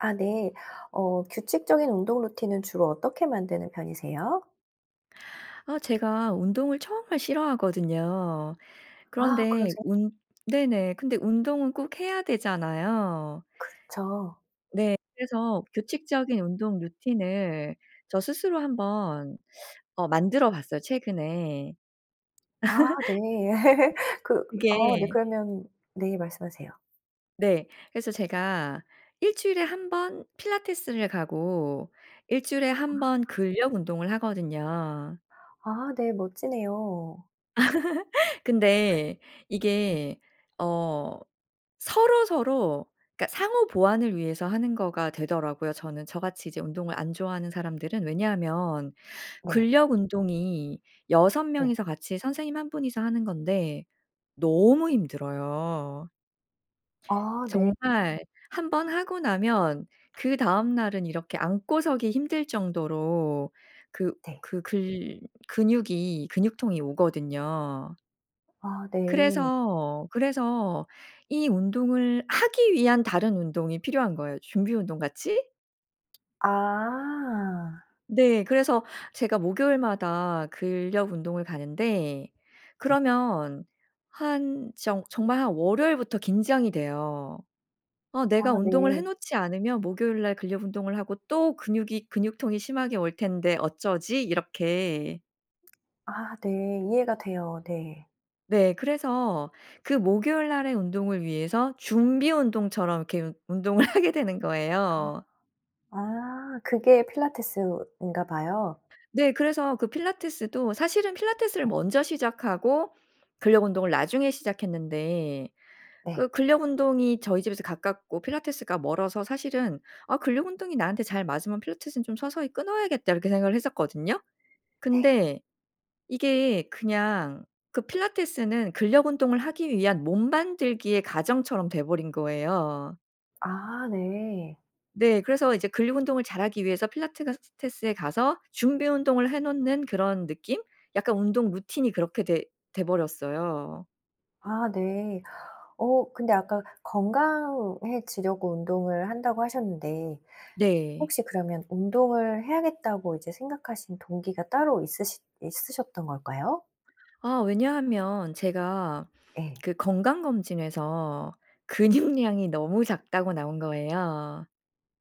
아 네. 어 규칙적인 운동 루틴은 주로 어떻게 만드는 편이세요? 아 제가 운동을 정말 싫어하거든요. 아 그런데 그러세 운 네네. 근데 운동은 꼭 해야 되잖아요. 그렇죠. 네. 그래서 규칙적인 운동 루틴을 저 스스로 한번 어 만들어 봤어요 최근에. 아 네. 그 네. 아 네. 그게 그러면 네. 말씀하세요. 네. 그래서 제가 1 주일에 1 번 필라테스를 가고 1 주일에 1 번 아. 근력 운동을 하거든요. 아 네. 멋지네요. 근데 어. 이게 어 서로 서로 그러니까 상호 보완을 위해서 하는 거가 되더라고요 저는 저같이 이제 운동을 안 좋아하는 사람들은. 왜냐하면 네. 근력 운동이 6 네. 명이서 같이 선생님 1 분이서 하는 건데 너무 힘들어요. 아 네. 정말 1 번 하고 나면 그 다음날은 이렇게 앉고 서기 힘들 정도로 그 네. 그 글 근육이 근육통이 오거든요. 아 네. 그래서, 그래서 이 운동을 하기 위한 다른 운동이 필요한 거예요 준비 운동 같이. 아. 네. 그래서 제가 목요일마다 근력 운동을 가는데 네. 그러면 한 정 정말 한 월요일부터 긴장이 돼요. '아 아 내가 운동을 해 네. 놓지 않으면 목요일 날 근력 운동을 하고 또 근육이 근육통이 심하게 올 텐데 어쩌지?' 이렇게. 아 네. 이해가 돼요. 네. 네. 그래서 그 목요일 날에 운동을 위해서 준비 운동처럼 이렇게 운 운동을 하게 되는 거예요. 아 아 그게 필라테스인가 봐요. 네. 그래서 그 필라테스도 사실은 필라테스를 네. 먼저 시작하고 근력 운동을 나중에 시작했는데. 네. 그 근력 운동이 저희 집에서 가깝고 필라테스가 멀어서 사실은 '아 근력 운동이 나한테 잘 맞으면 필라테스는 좀 서서히 끊어야겠다.' 이렇게 생각을 했었거든요. 네. 근데 이게 그냥 그 필라테스는 근력 운동을 하기 위한 몸 만들기의 과정처럼 돼 버린 거예요. 아 네. 네. 그래서 이제 근육 운동을 잘하기 위해서 필라테가스 테스에 가서 준비 운동을 해 놓는 그런 느낌? 약간 운동 루틴이 그렇게 돼 돼 버렸어요. 아 네. 어 근데 아까 "건강해지려고 운동을 한다."고 하셨는데 네. 혹시 그러면 '운동을 해야겠다.'고 이제 생각하신 동기가 따로 있으시 있으셨던 걸까요? 아 왜냐하면 제가 예. 그 건강검진에서 근육량이 너무 작다고 나온 거예요.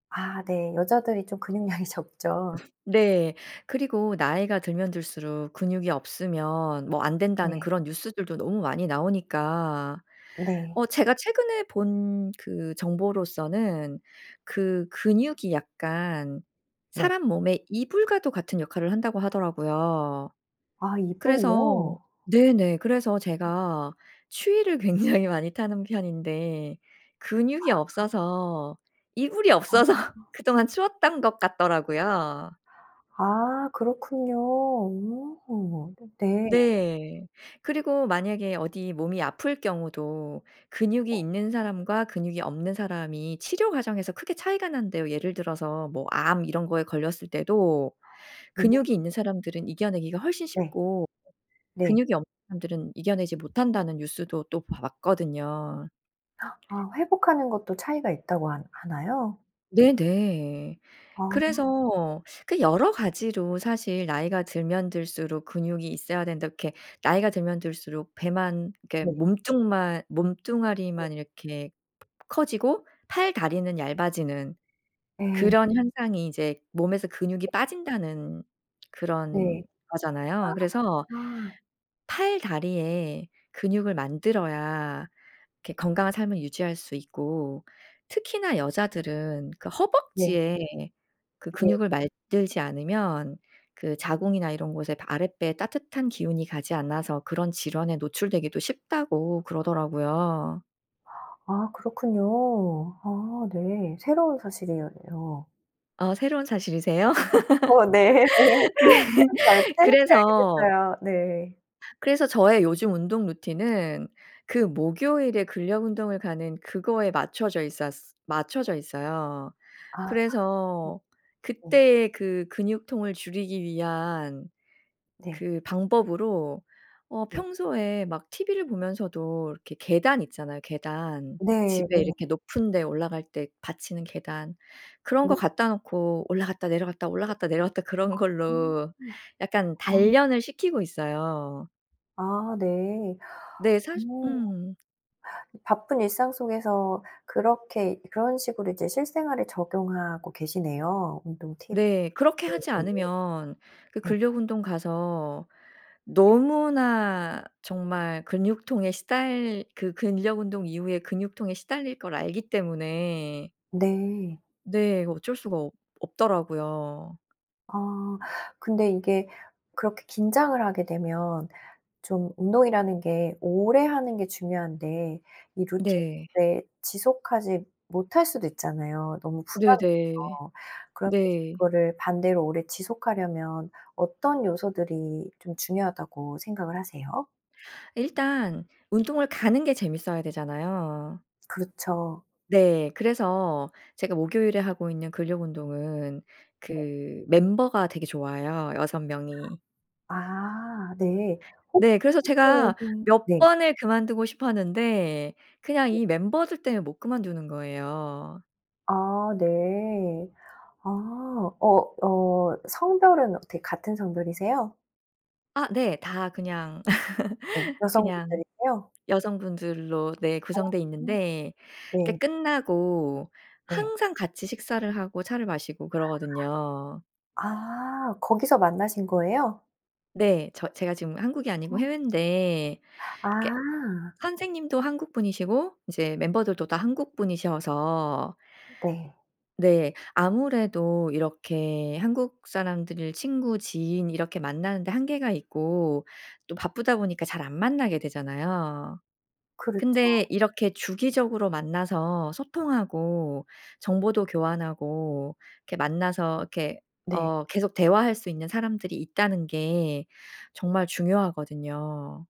아 네. 여자들이 좀 근육량이 적죠. 네. 그리고 "나이가 들면 들수록 근육이 없으면 뭐 안된다."는 네. 그런 뉴스들도 너무 많이 나오니까. 네. 어 제가 최근에 본 그 정보로서는 그 "근육이 약간 네. 사람 몸에 이불과도 같은 역할을 한다."고 하더라고요. 아 그래서 이불이요? 네네 그래서 제가 추위를 굉장히 많이 타는 편인데 근육이 아. 없어서 이불이 아. 없어서 그동안 추웠던 것 같더라고요. 아 그렇군요. 오 네네. 네. 그리고 만약에 어디 몸이 아플 경우도 네. 근육이 있는 사람과 근육이 없는 사람이 치료 과정에서 크게 차이가 난대요. 예를 들어서 뭐 "암 이런 거에 걸렸을 때도 아. 내 근육이 몸이 있는 사람들은 이겨 내기가 훨씬 네. 쉽고 네. 근육이 없는 사람들은 이겨 내지 못한다."는 뉴스도 또 봐 봤거든요. 아 회복하는 것도 차이가 있다고 한 하나요? 네네. 아. 그래서 그 여러 가지로 사실 "나이가 들면 들수록 근육이 있어야 된다." 이렇게 나이가 들면 들수록 배만 이렇게 네. 몸뚱만 네. 몸뚱아리만 이렇게 커지고 팔다리는 얇아지는 예. 그런 현상이 이제 몸에서 근육이 빠진다는 그런 네. 거잖아요. 그래서 아. 팔다리에 근육을 만들어야 이렇게 건강한 삶을 유지할 수 있고. 특히나 여자들은 그 예. 허벅지에 그 [unintelligible] 근육을 만들지 않으면 그 자궁이나 이런 곳에 바 아랫배에 따뜻한 기운이 가지 않아서 "그런 질환에 노출되기도 쉽다."고 그러더라고요. 아 그렇군요. 아 네. 새로운 사실이에요. 어 새로운 사실이세요? 어 네. 네. 새롭게 알게 새롭게 알게 그래서 됐어요. 네. 그래서 저의 요즘 운동 루틴은 그 목요일에 근력 운동을 가는 그거에 맞춰져 있었 맞춰져 있어요. 아. 음. 그래서 네. 그때의 그 근육통을 줄이기 위한 네. 그 방법으로 어 네. 평소에 막 TV를 보면서도 이렇게 계단 있잖아요, 계단. 네 집에 네. 이렇게 높은 데 올라갈 때 받치는 계단. 그런 거 네. 갖다 놓고 올라갔다 내려갔다 아. 올라갔다 내려갔다 그런 음 걸로 아. 약간 단련을 시키고 있어요. 아 네. 네. 사시 어. 음. 바쁜 일상 속에서 그렇게 그런 식으로 이제 실생활에 적용하고 계시네요, 운동 팁을 네. 그렇게 하지 매일. 않으면 그 네. 근력 운동 가서 네. 너무나 정말 근육통에 시달 그 근력 운동 이후에 근육통에 시달릴 걸 알기 때문에 네. 네. 어쩔 수가 없 없더라고요. 아. 근데 이게 그렇게 긴장을 하게 되면 좀 운동이라는 게 오래 하는 게 중요한데 이 네. 루틴을 지속하지 못할 수도 있잖아요, 너무 부담이 네네. 돼서. 그러면서 네. 그거를 반대로 오래 지속하려면 어떤 요소들이 좀 중요하다고 생각을 하세요? 일단 운동을 가는 게 재미있어야 되잖아요. 그렇죠. 네. 그래서 제가 목요일에 하고 있는 근력 운동은 네. 그 멤버가 되게 좋아요, 6 명이. 아. 네. 혹시 네. 그래서 제가 [unintelligible] 몇 네. 번을 그만두고 싶었는데 그냥 네. 이 멤버들 때문에 못 그만두는 거예요. 아 네. 아. 어 어 성별은 어떻게 같은 성별이세요? 아 네. 다 그냥 네. 그냥 여성분들이세요? 여성분들로 네. 아. 구성돼 있는데 네. 그러니까 끝나고 네. 항상 같이 식사를 하고 차를 마시고 그러거든요. 아. 아. 거기서 만나신 거예요? 네. 저 제가 지금 한국이 아니고 어. 해외인데 이게 아. 선생님도 한국 분이시고 이제 멤버들도 다 한국 분이셔서 네. 네. 아무래도 이렇게 한국 사람들을 친구 지인 이렇게 만나는 데 한계가 있고 또 바쁘다 보니까 잘 안 만나게 되잖아요. 그렇죠. 근데 이렇게 주기적으로 만나서 소통하고 정보도 교환하고 이렇게 만나서 이렇게 네. 어 계속 대화할 수 있는 사람들이 있다는 게 정말 중요하거든요.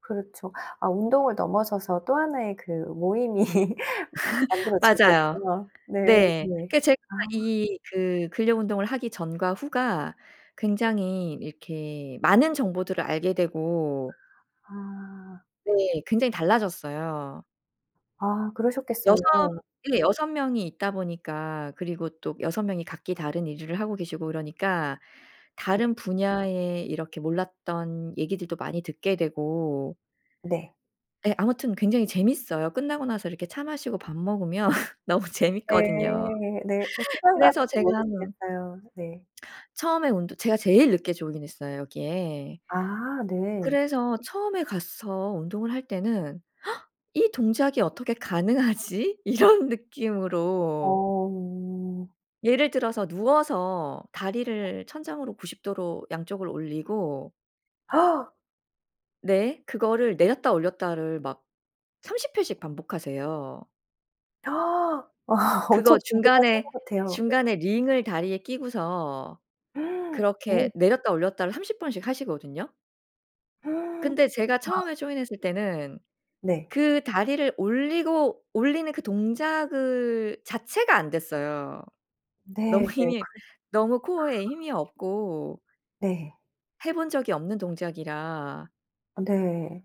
그렇죠. 아 운동을 넘어서서 또 하나의 그 모임이 만들어진 맞아요. 거네요. 네 네. 네. 그러니까 제가 아. 이 그 근력 운동을 하기 전과 후가 굉장히 이렇게 많은 정보들을 알게 되고 아. 네. 굉장히 달라졌어요. 아 6 그러셨겠어요. 네. 6 명이 있다 보니까 그리고 또 6 명이 각기 다른 일을 하고 계시고 이러니까 네. 다른 분야에 이렇게 몰랐던 얘기들도 많이 듣게 되고 네. 예. 아무튼 굉장히 재미있어요. 끝나고 나서 이렇게 차 마시고 밥 먹으면 너무 재미있거든요. 네. 네. 어 시간 가는 그래서 줄 제가 모르시겠어요. 네. 처음에 운동 제가 제일 늦게 조인했어요. 여기에 아 네. 그래서 처음에 가서 운동을 할 때는 ‘이 동작이 어떻게 가능하지?‘ 이런 느낌으로 어. 예를 들어서 누워서 다리를 천장으로 90 도로 양쪽을 올리고 네. 그거를 내렸다 올렸다를 막 30 회씩 반복하세요. 아 엄청 그거 강도가 센 중간에 것 같아요. 네. 중간에 링을 다리에 끼고서 네. 그렇게 내렸다 올렸다를 30 번씩 하시거든요. 근데 제가 아. 처음에 조인 했을 때는 네. 그 다리를 올리고 올리는 그 동작을 자체가 안됐어요. 네 네. 너무 그래도 힘이 너무 코어에 힘이 없고 네. 해 본 적이 없는 동작이라 아네.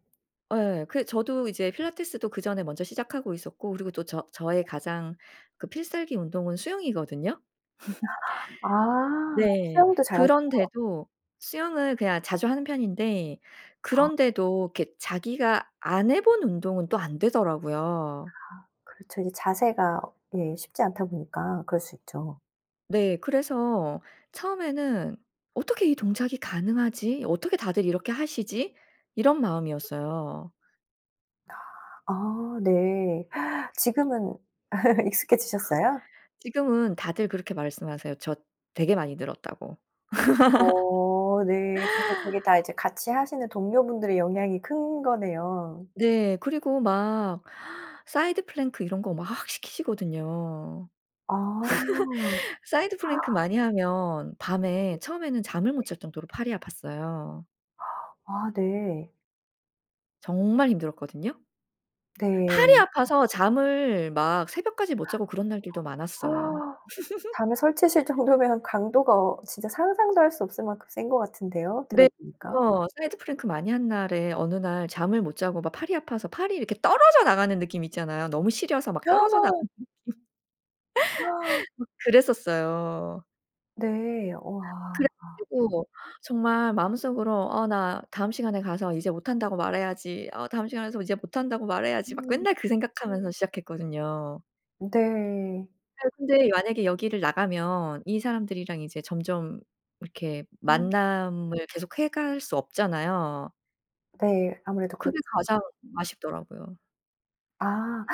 예 그 저도 이제 필라테스도 그전에 먼저 시작하고 있었고 그리고 또 저 저의 가장 그 필살기 운동은 수영이거든요. 아 네. 수영도 잘 하세요? 그런데도 수영을 그냥 자주 하는 편인데 아. 그런데도 이렇게 자기가 안 해 본 운동은 또 안 되더라고요. 아 그렇죠. 이제 자세가 예 쉽지 않다 보니까 그럴 수 있죠. 네. 그래서 처음에는 ‘어떻게 이 동작이 가능하지? 어떻게 다들 이렇게 하시지?‘ 이런 마음이었어요. 아 아 네. 지금은 익숙해지셨어요? 지금은 다들 그렇게 말씀하세요 저 “되게 많이 늘었다.“고. 어 네. 그래서 그게 다 이제 같이 하시는 동료분들의 영향이 큰 거네요. 네. 그리고 막 사이드 플랭크 이런 거 막 시키시거든요. 아. 사이드 플랭크 많이 하면 밤에 네. 처음에는 잠을 네. 못 잘 정도로 팔이 아팠어요. 아 네. 정말 힘들었거든요. 팔이 네. 아파서 잠을 막 새벽까지 못 자고 그런 날들도 어 많았어요. 아 잠을 설치실 정도면 강도가 어 진짜 상상도 할 수 없을 만큼 센 것 같은데요 네. 들어보니까. [unintelligible] 사이드 플랭크 많이 한 날에 어느 날 잠을 못 자고 막 팔이 아파서 팔이 이렇게 떨어져 나가는 느낌 있잖아요. 너무 시려서 막 떨어져 나가는 느낌. 막 그랬었어요. 네. 와. 그래 가지고 정말 마음속으로 '어 나 다음 시간에 가서 이제 못한다고 말해야지. 어 다음 시간에 가서 이제 못한다고 말해야지.' 막 음. 맨날 그 생각하면서 시작했거든요. 네. 네. 근데 만약에 여기를 나가면 이 사람들이랑 이제 점점 이렇게 음. 만남을 계속해 갈 수 없잖아요. 네. 아무래도 그게 그렇죠. 가장 아쉽더라고요. 아.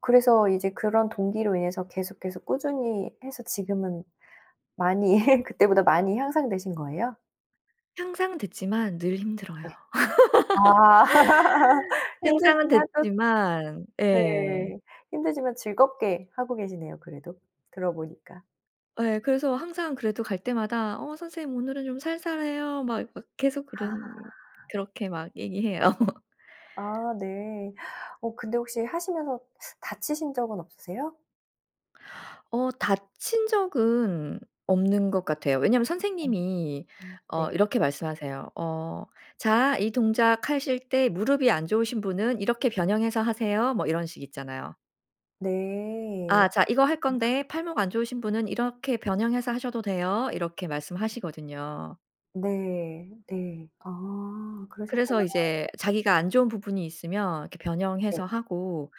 그래서 이제 그런 동기로 인해서 계속, 계속 꾸준히 해서 지금은 많이 그때보다 많이 향상되신 거예요? 향상됐지만 늘 힘들어요. 네. 아. 향상은 힘들지만 또 됐지만 네 예. 힘들지만 즐겁게 하고 계시네요 그래도 들어 보니까. 예. 그래서 항상 그래도 갈 때마다 "어 선생님 오늘은 좀 살살해요." 막 막 계속 그런 아. 그렇게 막 얘기해요. 아 네. 어 근데 혹시 하시면서 다치신 적은 없으세요? 어 다친 적은 없는 것 같아요. 왜냐하면 어 선생님이 오 네. 어 이렇게 말씀하세요. 어 "자 이 동작하실 때 무릎이 안 좋으신 분은 이렇게 변형해서 하세요." 뭐 이런 식 있잖아요. 네. 아. "자 이거 아. 할건데 팔목 안 좋으신 분은 이렇게 변형해서 하셔도 돼요." 이렇게 말씀하시거든요. 네. 네. 아 그러셨구나. 그래서 이제 자기가 안 좋은 부분이 있으면 이렇게 네. 변형해서 하고.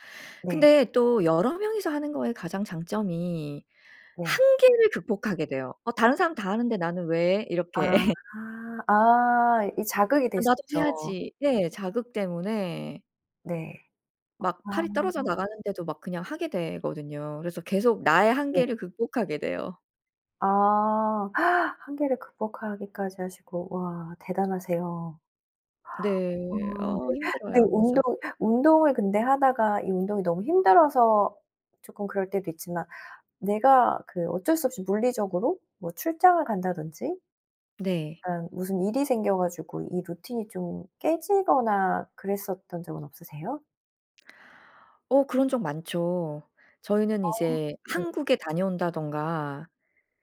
네. 근데 또 여러 명이서 하는 것의 가장 장점이 네. 한계를 극복하게 돼요. '어 다른 사람 다 하는데 나는 왜?' 아. 이렇게. 아 이 자극이 될 '아 수 나도 있죠. 해야지.' 네. 자극 때문에 네. 막 아. 팔이 떨어져 나가는데도 막 그냥 하게 되거든요. 그래서 계속 나의 네. 한계를 극복하게 돼요. 아 한계를 극복하기까지 하시고 와 대단하세요. 아 네. 어 네 근데 힘들어요 운동 그래서. 운동을 근데 하다가 이 운동이 너무 힘들어서 쪼끔 그럴 때도 있지만 내가 그 어쩔 수 없이 물리적으로 뭐 출장을 간다든지 네. 그러니까 무슨 일이 생겨 가지고 이 루틴이 좀 깨지거나 그랬었던 적은 없으세요? 어 그런 적 많죠. 저희는 어. 이제 네. 한국에 다녀온다든가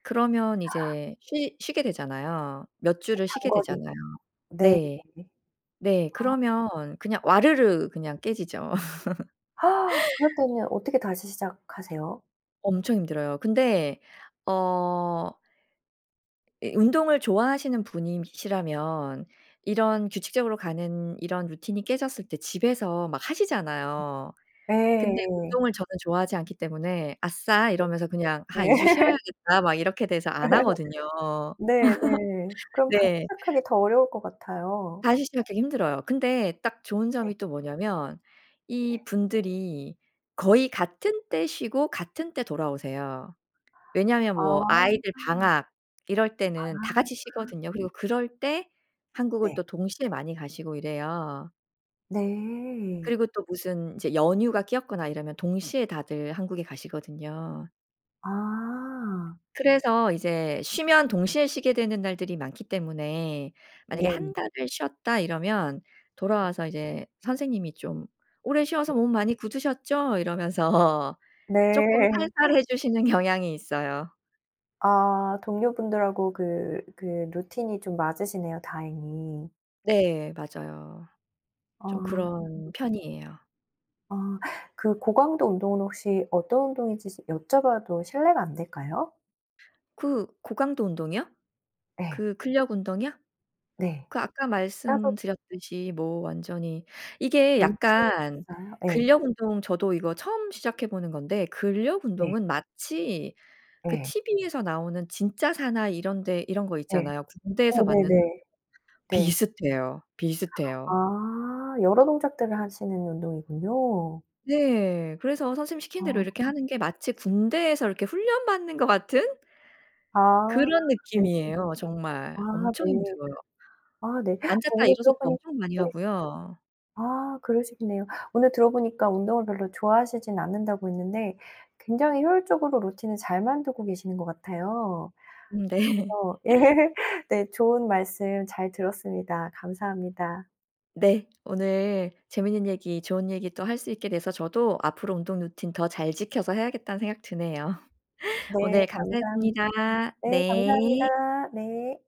그러면 이제 쉬 쉬게 되잖아요. 몇 그쵸 주를 쉬게 장거리. 되잖아요. 네. 네. 네. 아. 그러면 그냥 와르르 그냥 깨지죠. 그럴 때는 어떻게 다시 시작하세요? 엄청 힘들어요. 근데 어 이 운동을 좋아하시는 분이시라면 이런 규칙적으로 가는 이런 루틴이 깨졌을 때 집에서 막 하시잖아요. 근데 네. 운동을 저는 좋아하지 않기 때문에 “아싸!“ 네. 이러면서 그냥 “하. 2 주 네. 쉬어야겠다.“ 막 이렇게 돼서 안 하거든요. 네네. 그럼 다시 네. 시작하기 더 어려울 것 같아요. 다시 시작하기 힘들어요. 근데 딱 좋은 네. 점이 또 뭐냐하면 네. 이분들이 거의 같은 때 쉬고 같은 때 돌아오세요. 왜냐하면 아. 뭐 아이들 이참. 방학 이럴 때는 다 아. 같이 참. 쉬거든요. 그리고 그럴 때 한국을 네. 또 동시에 많이 가시고 이래요. 네. 그리고 또 무슨 이제 연휴가 끼었거나 이러면 동시에 다들 한국에 가시거든요. 아. 그래서 이제 쉬면 동시에 쉬게 되는 날들이 많기 때문에 만약에 1 네. 달을 쉬었다 이러면 네. 돌아와서 이제 선생님이 좀 "오래 쉬어서 네. 몸 많이 굳으셨죠?“ 이러면서 쪼끔 네. 살살해 주시는 경향이 있어요. 아 동료 분들하고 그, 그 루틴이 좀 맞으시네요 다행히. 네. 맞아요. 아. 좀 그런 편이에요. 아 그 고강도 운동은 혹시 어떤 운동이신지 여쭤 봐도 실례가 안 될까요? 그 고강도 운동이요? 네. 그 근력 운동이요? 네. 그 아까 따로 말씀드렸듯이 뭐 완전히 이게 명칭이 약간 없어요? 예. 근력 운동 저도 이거 처음 시작해 보는 건데 근력 네. 운동은 마치 그 네. 티브이에서 나오는 진짜 사나이 이런 데 이런 거 네. 있잖아요. 군대에서 어 받는 [unintelligible] 네네. 네. 비슷해요, 비슷해요. 아 여러 동작들을 하시는 운동이군요. 네. 그래서 선생님 시키는 대로 이렇게 아. 하는 게 마치 군대에서 이렇게 훈련받는 것 같은? 아 그런 네. 느낌이에요 정말. 아 엄청 네. 힘들어요. 아 네. 앉았다 오늘 들어 일어섰다 보니 엄청 많이 네. 하고요. 아 그러시겠네요. 오늘 들어 보니까 운동을 별로 좋아하시진 않는다고 했는데 굉장히 효율적으로 루틴을 잘 만들고 계시는 것 같아요. 음 네. 그래서 예. 네. 좋은 말씀 잘 들었습니다. 감사합니다. 네. 오늘 재밌는 얘기 좋은 얘기 또 할 수 있게 돼서 저도 '앞으로 운동 루틴 더 잘 지켜서 해야겠다.'는 생각 드네요. 네 오늘 감사합 감사했습니다. 네 네. 감사합니다. 네.